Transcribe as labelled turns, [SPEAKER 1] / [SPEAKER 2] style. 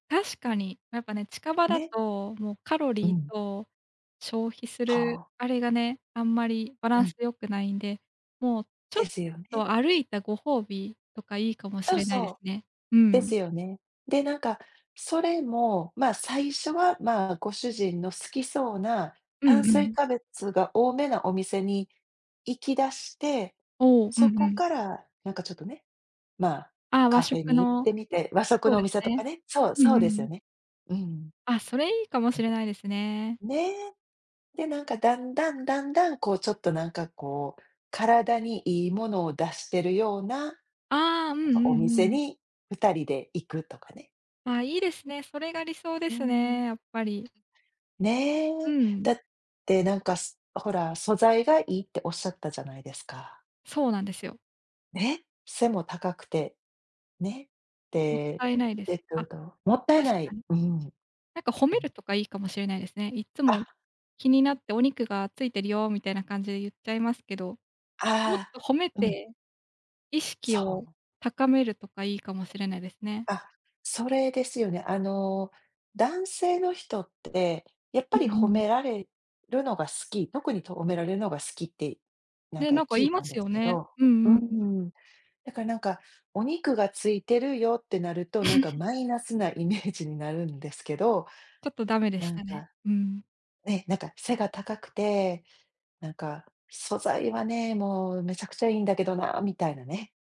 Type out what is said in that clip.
[SPEAKER 1] 確かに、なんかね、近場だ
[SPEAKER 2] ね。
[SPEAKER 1] と、もうカロ
[SPEAKER 2] う
[SPEAKER 1] リー
[SPEAKER 2] ん。
[SPEAKER 1] と、消費す
[SPEAKER 2] は
[SPEAKER 1] る
[SPEAKER 2] あ。
[SPEAKER 1] あれがね、あんまりバラ
[SPEAKER 2] う
[SPEAKER 1] ンス
[SPEAKER 2] ん。
[SPEAKER 1] 良くないんで、もう、ちょ
[SPEAKER 2] で
[SPEAKER 1] っ
[SPEAKER 2] すよね。
[SPEAKER 1] と歩いたご褒美とか、いいかもし
[SPEAKER 2] そう
[SPEAKER 1] れないで
[SPEAKER 2] そ
[SPEAKER 1] す
[SPEAKER 2] う。
[SPEAKER 1] ね。う
[SPEAKER 2] で
[SPEAKER 1] ん。
[SPEAKER 2] すよね。で、なんか、それも、ま、最初は、ま、ご主人の好きそうな、
[SPEAKER 1] う
[SPEAKER 2] 炭
[SPEAKER 1] んう
[SPEAKER 2] 水
[SPEAKER 1] ん。
[SPEAKER 2] 化物が多めなお店に行きだして、
[SPEAKER 1] お、うんう
[SPEAKER 2] そこ
[SPEAKER 1] ん。
[SPEAKER 2] から、なんかちょっとね、ま、
[SPEAKER 1] ああ、和
[SPEAKER 2] カフェ
[SPEAKER 1] 食
[SPEAKER 2] に行っ
[SPEAKER 1] の。
[SPEAKER 2] てみて、和食
[SPEAKER 1] そう
[SPEAKER 2] のお
[SPEAKER 1] です
[SPEAKER 2] 店と
[SPEAKER 1] ね。
[SPEAKER 2] かねそう、
[SPEAKER 1] うん
[SPEAKER 2] そう
[SPEAKER 1] う
[SPEAKER 2] ですよ
[SPEAKER 1] ん。
[SPEAKER 2] ね。うん。
[SPEAKER 1] あ、それいいかも
[SPEAKER 2] う
[SPEAKER 1] し
[SPEAKER 2] ん。
[SPEAKER 1] れないですね。
[SPEAKER 2] ね。で、なんかだんだんだんだん、こうちょっとなんかこう、体にいいものを出してるような、
[SPEAKER 1] ああ、うんう
[SPEAKER 2] なんか
[SPEAKER 1] ん
[SPEAKER 2] お店
[SPEAKER 1] うん。
[SPEAKER 2] に2人で行くとかね。
[SPEAKER 1] あ、いいですね。それが理想で
[SPEAKER 2] う
[SPEAKER 1] す
[SPEAKER 2] ん。
[SPEAKER 1] ね、やっぱり。う
[SPEAKER 2] ね。だ
[SPEAKER 1] ん。
[SPEAKER 2] ってなんか、す、ほら、素材がいいって仰ったじゃないですか。
[SPEAKER 1] そうなんですよ。
[SPEAKER 2] ね、背も高くて、ね、
[SPEAKER 1] もっ
[SPEAKER 2] で、
[SPEAKER 1] たいないで
[SPEAKER 2] え
[SPEAKER 1] す。
[SPEAKER 2] っ
[SPEAKER 1] あ、
[SPEAKER 2] と、どうもったい
[SPEAKER 1] 確
[SPEAKER 2] な
[SPEAKER 1] か
[SPEAKER 2] い、
[SPEAKER 1] に。
[SPEAKER 2] うん。
[SPEAKER 1] なんか褒
[SPEAKER 2] う
[SPEAKER 1] め
[SPEAKER 2] ん。
[SPEAKER 1] るとかいいかもしれないですね。いっつも
[SPEAKER 2] あ
[SPEAKER 1] 気になって、お肉がついてるよみたいな感じで言っちゃいますけど、もっ
[SPEAKER 2] あ
[SPEAKER 1] と褒め
[SPEAKER 2] あ、うん。
[SPEAKER 1] て、意
[SPEAKER 2] そ
[SPEAKER 1] 識を
[SPEAKER 2] う。
[SPEAKER 1] 高めるとかいいかもしれないですね。
[SPEAKER 2] あ、それですよね。あの、男性の人って、やっ
[SPEAKER 1] う
[SPEAKER 2] ぱり
[SPEAKER 1] んう
[SPEAKER 2] 褒
[SPEAKER 1] ん。
[SPEAKER 2] められるのが好き、特にと褒められるのが好きって、なん
[SPEAKER 1] ね、
[SPEAKER 2] か
[SPEAKER 1] なんか
[SPEAKER 2] 聞
[SPEAKER 1] 言
[SPEAKER 2] い
[SPEAKER 1] いま
[SPEAKER 2] たん
[SPEAKER 1] す
[SPEAKER 2] です
[SPEAKER 1] よ
[SPEAKER 2] け
[SPEAKER 1] ね。
[SPEAKER 2] ど、
[SPEAKER 1] う
[SPEAKER 2] うー
[SPEAKER 1] んうんうん。
[SPEAKER 2] ん。だからなんか、お肉がついてるよってなると、なんか マイナスなイメージになるんですけど。
[SPEAKER 1] ちょっとダメでし
[SPEAKER 2] なん
[SPEAKER 1] たね。
[SPEAKER 2] か、
[SPEAKER 1] うん。
[SPEAKER 2] ね、なんか背が高くて、なんか素材はね、もうめちゃくちゃいいんだけどな、みたいなね。